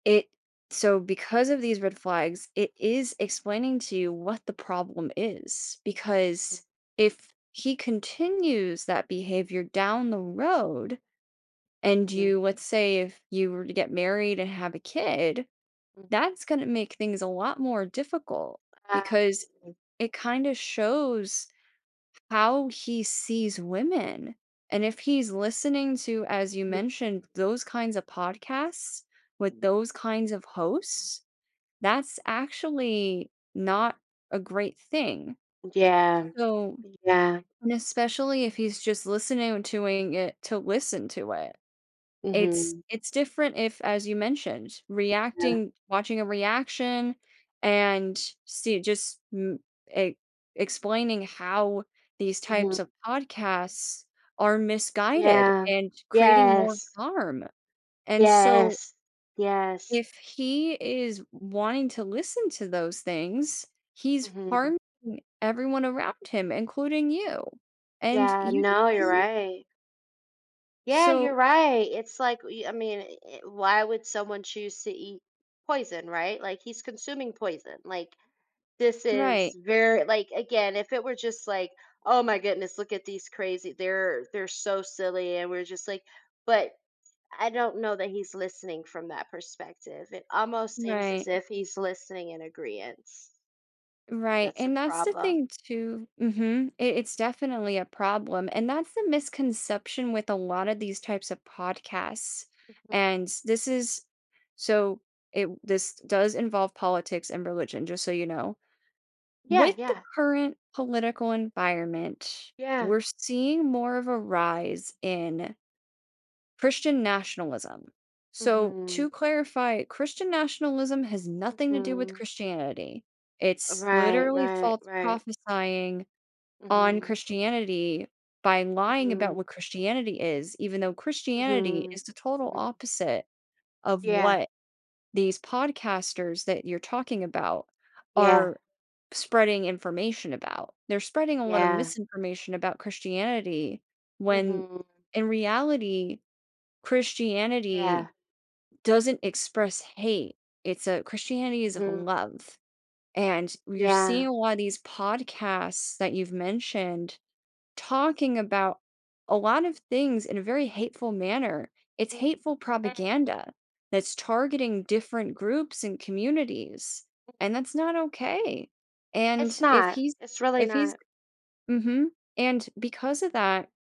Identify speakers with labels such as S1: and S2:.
S1: It so,
S2: [unintelligible]
S1: because of these red flags, it is explaining to you what the problem is. Because if he continues that behavior down the road and you let's
S2: [unintelligible]
S1: say, if you were to get married and have a kid,
S2: Mm.
S1: that's gonna make things a lot more difficult because
S2: [unintelligible]
S1: it kinda shows how he sees women. And if he's listening to, as you mentioned,
S2: [unintelligible]
S1: those kinds of podcasts with those kinds of hosts, that's actually not a great thing.
S2: Yeah.
S1: So
S2: Yeah.
S1: and especially if he's just listening doing it to listen to it. It's
S2: Mhm.
S1: it's different if, as you mentioned,
S2: Yeah.
S1: reacting watching a reaction and see just m e explaining how these
S2: Mhm.
S1: types of podcasts are misguided
S2: Yeah.
S1: and creating more
S2: Yes.
S1: harm. And, so
S2: Yes. Yes.
S1: if he is wanting to listen to those things, he's
S2: Mhm.
S1: harming everyone around him, including you. And
S2: Yeah.
S1: you.
S2: No, you're
S1: [unintelligible]
S2: right. Yeah,
S1: So
S2: you're right. It's like, y I mean, e e why would someone choose to eat poison, right? Like, he's consuming poison. Like, this is
S1: Right.
S2: ver like, again, if it were just like, "Oh, my goodness, look at these crazy they're they're so silly." And we're just like but I don't know that he's listening from that perspective. It almost seems as
S1: Right.
S2: if he's listening in agreeance.
S1: Right,
S2: That's a
S1: and that's the
S2: problem.
S1: thing too Mhm. I it's definitely a problem and that's the misconception with a lot of these types of podcasts.
S2: [unintelligible]
S1: And this is so, it this does involve politics and religion, just so you know.
S2: Yeah,
S1: With the
S2: yeah.
S1: current political environment,
S2: Yeah.
S1: we're seeing more of a rise in Christian nationalism. So,
S2: Mhm.
S1: to clarify, Christian nationalism has nothing to do with
S2: Mhm.
S1: Christianity, it's
S2: Right,
S1: literally
S2: right,
S1: false
S2: right.
S1: prophesying on
S2: Mhm.
S1: Christianity by lying about
S2: Mhm.
S1: what Christianity is, even though Christianity
S2: Mhm.
S1: is the total
S2: Mhm.
S1: opposite of
S2: Yeah.
S1: what these podcasters that you're talking about
S2: Yeah.
S1: are spreading information about. They're spreading a lot of
S2: Yeah.
S1: misinformation about Christianity when
S2: Mhm.
S1: in reality, Christianity
S2: Yeah.
S1: doesn't express hate. It's a Christianity is of
S2: Mhm.
S1: love. And you're seeing
S2: Yeah.
S1: a lot of these podcasts that you've mentioned talking about a lot of things in a very hateful manner, it's hateful
S2: [unintelligible]
S1: propaganda that's targeting
S2: [unintelligible]
S1: different groups and communities,
S2: [unintelligible]
S1: and that's not okay.
S2: It's
S1: And if
S2: not.
S1: he's
S2: It's really
S1: if he's
S2: not.
S1: mhm. And because of that